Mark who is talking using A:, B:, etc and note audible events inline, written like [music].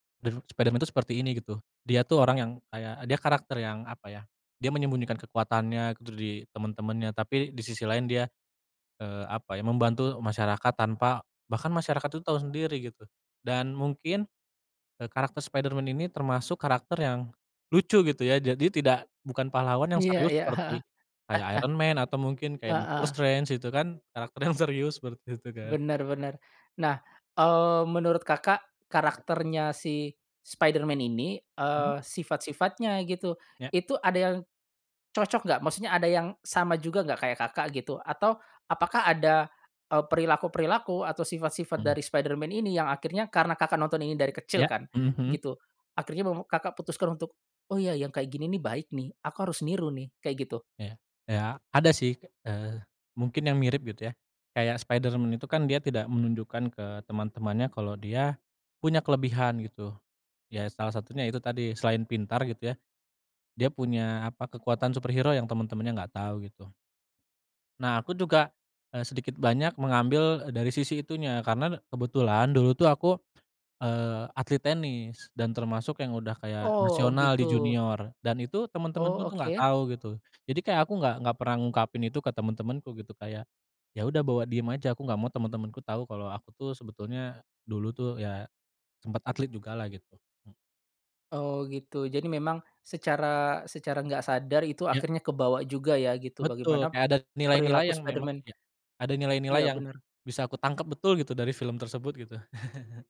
A: Dan Spiderman tuh seperti ini gitu, dia tuh orang yang kayak dia karakter yang apa ya, dia menyembunyikan kekuatannya gitu dari temen-temennya tapi di sisi lain dia, eee, apa ya, membantu masyarakat tanpa bahkan masyarakat tuh tau sendiri gitu dan mungkin, eee, karakter Spiderman ini termasuk karakter yang lucu gitu ya, jadi tidak bukan pahlawan yang
B: Iya
A: serius
B: iya. heeh,
A: seperti, kayak Iron Man atau mungkin
B: [laughs]
A: kayak Doctor
B: heeh.
A: Strange gitu kan karakter yang serius seperti itu kan.
B: Bener bener nah, eee, menurut Kakak,
A: Ya.
B: karakternya si Spiderman ini,
A: Mmm.
B: eee, sifat-sifatnya gitu
A: Ya.
B: itu ada yang, cocok gak? Maksudnya ada yang sama juga gak kayak Kakak, gitu atau apakah ada, eee, perilaku-perilaku atau sifat-sifat
A: Mhm.
B: dari Spiderman ini yang akhirnya karena Kakak, nonton ini dari kecil
A: Ya,
B: kan
A: mhm mhm.
B: gitu, akhirnya meme Kakak, putuskan untuk, "Oh ya yang kayak gini nih baik nih, aku harus
A: Ya.
B: niru nih," kayak gitu.
A: Ya, iya ada sih, eee, mungkin yang mirip gitu ya, kayak Spiderman itu kan dia tidak menunjukkan ke teman-temannya kalau dia punya kelebihan gitu, ya salah satunya itu tadi selain pintar gitu ya, dia punya apa, kekuatan superhero yang teman-temannya nggak tahu gitu. Nah aku juga, eee, sedikit banyak mengambil dari sisi itunya karena kebetulan dulu tuh aku, eee, atlet tenis dan termasuk yang udah kayak
B: Oh
A: nasional di
B: gitu.
A: junior dan itu temen-temenku
B: Oh
A: tuh gak
B: oke.
A: tau gitu, jadi kayak aku gak gak pernah ngungkapin itu ke temen-temenku gitu kayak, ya udah bawa diem aja aku gak mau temen-temenku tau kalo aku tuh sebetulnya, dulu tuh ya, sempat atlet juga lah gitu. E
B: Oh gitu jadi
A: Ya.
B: memang secara secara enggak sadar itu
A: Ya.
B: akhirnya kebawa juga ya gitu
A: Betul,
B: bagaimana,
A: kayak ada nilai-nilai
B: perilaku
A: yang memang
B: Spiderman.
A: iya, ada nilai-nilai
B: Iya
A: yang
B: bener.
A: bisa kutangkap betul gitu dari film tersebut gitu. [chuckles]